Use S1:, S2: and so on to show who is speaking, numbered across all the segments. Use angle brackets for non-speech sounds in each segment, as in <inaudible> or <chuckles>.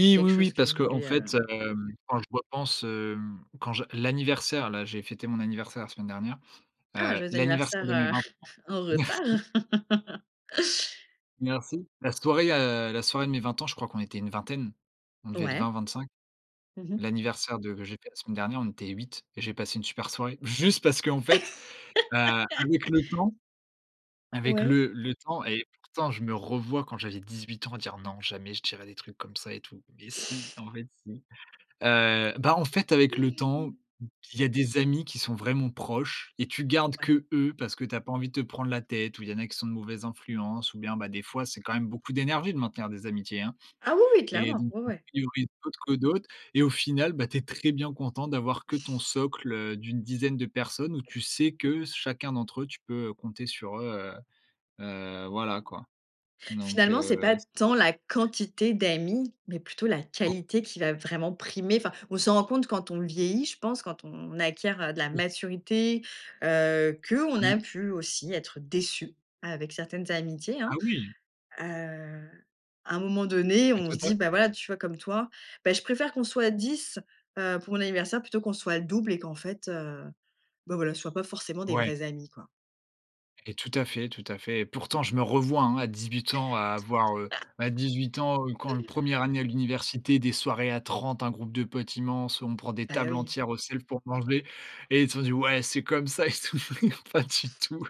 S1: C'est quelque
S2: oui, oui,
S1: chose que
S2: parce
S1: vous
S2: qu'en
S1: voulez, heu
S2: fait, hem, quand je repense, hem, quand je l'anniversaire là, j'ai fêté mon anniversaire la semaine dernière,
S1: Ah,
S2: heu,
S1: joyeux
S2: l'anniversaire
S1: anniversaire,
S2: de mes
S1: heu,
S2: 20 ans.
S1: <laughs> en
S2: Merci!
S1: retard. <laughs>
S2: Merci! La soirée, heu, la soirée de mes 20 ans je crois qu'on était une vingtaine. On devait être
S1: Ouais.
S2: 20-25.
S1: Mmh mh.
S2: L'anniversaire de que j'ai fait la semaine dernière, on était 8 et j'ai passé une super soirée. Juste parce qu'en fait, heu,
S1: <laughs>
S2: avec le temps, avec
S1: Ouais.
S2: le le temps et pourtant je me revois quand j'avais 18 ans dire: «Non, jamais je dirais des trucs comme ça et tout». Mais si, en fait si. Heu, bah, en fait, avec le temps, il y a des amis qui sont vraiment proches et tu gardes
S1: Ouais.
S2: qu'eux, parce que tu as pas envie de te prendre la tête, ou il y en a qui sont de mauvaise influence ou bien, bah, des
S1: Ouais.
S2: fois, c'est quand même beaucoup d'énergie de maintenir des amitiés, hein
S1: Ah, oui, oui,
S2: et
S1: clairement!
S2: donc
S1: Ouais,
S2: tu en
S1: ouais!
S2: priorises <unintelligible> que d'autres et au final, bah, tu es très bien content d'avoir que ton socle, heu, d'une dizaine de personnes où tu sais que s chacun d'entre eux, tu peux, heu, compter sur eux, heu heu, voilà quoi. Donc
S1: Finalement, c'est
S2: heu,
S1: pas
S2: s
S1: tant la
S2: <unintelligible>
S1: quantité d'amis, mais plutôt la
S2: <unintelligible>
S1: qualité qui va vraiment primer. Enfin on s'en rend compte quand on vieillit, je pense, quand on acquiert de la
S2: Oui!
S1: maturité, heu, qu'on
S2: Mmh.
S1: a pu aussi être déçu avec certaines amitiés hein.
S2: Ah oui!
S1: Heu, à un moment donné,
S2: Et
S1: on
S2: toi
S1: se
S2: tu
S1: dit,
S2: as
S1: bah voilà, tu vois comme toi: «Bah, je préfère qu'on soit 10, heu, pour mon anniversaire plutôt qu'on soit le double et qu'en fait, heu, bah voilà, ce soit pas forcément des
S2: Ouais.
S1: vrais amis, quoi».
S2: Et tout à fait, tout à fait. Et pourtant, je me revois, hein, à 18 ans, à avoir, heu bah, à 18 ans, heu, quand le
S1: <laughs>
S2: 1re année à l'université, des soirées à 30 un groupe de potes immense, on prend des
S1: Bah
S2: tables
S1: oui.
S2: entières au self pour manger et ils t'ont dit: «Ouais, c'est comme ça, et tout» <unintelligible> pas du tout.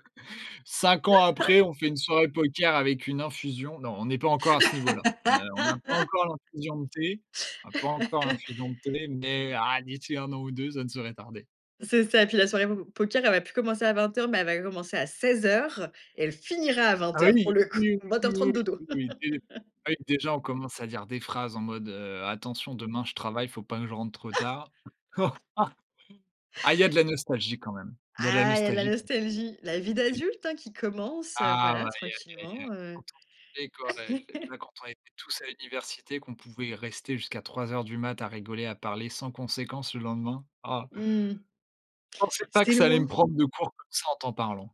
S2: 5 ans après,
S1: <chuckles>
S2: on fait une soirée poker avec une infusion. Non, on est pas encore à ce niveau là. Heu, on n'a pas
S1: <laughs>
S2: encore l'infusion de thé, on n'a pas encore
S1: <laughs>
S2: l'infusion de thé, mais ah, d'ici 1 an ou 2 ça ne saurait tarder.
S1: C'est ça et puis la soirée po po poker elle va plus commencer à 20:00 mais elle va commencer à 16:00 et elle finira à
S2: Ah
S1: vingt
S2: oui,
S1: heures pour
S2: oui.
S1: le coup,
S2: Oui,
S1: vingt heures
S2: oui,
S1: trente dodo.
S2: oui, oui de
S1: <laughs>
S2: ah oui déjà, on commence à dire des phrases en mode, heu: «Attention demain je travaille, il faut pas que je rentre trop tard». <chuckles>
S1: <chuckles>
S2: Ah il y a de la nostalgie quand même il y a de la
S1: Ah, il y a de la
S2: nostalgie quand même,
S1: nostalgie! La vie
S2: et
S1: d'adulte, hein, qui commence, heu,
S2: Ah
S1: voilà,
S2: ouais! Aïe, aïe, aïe.
S1: tranquillement heu.
S2: <unintelligible> Et quand, heu,
S1: <chuckles>
S2: <unintelligible> quand on était tous à l'université, qu'on pouvait rester jusqu'à 03:00 du mat' à rigoler, à parler sans conséquence le lendemain, ah!
S1: Mmh mh.
S2: Je pensais pas
S1: C'est
S2: que ça allait
S1: loin.
S2: me prendre de court, comme ça, en t'en parlant.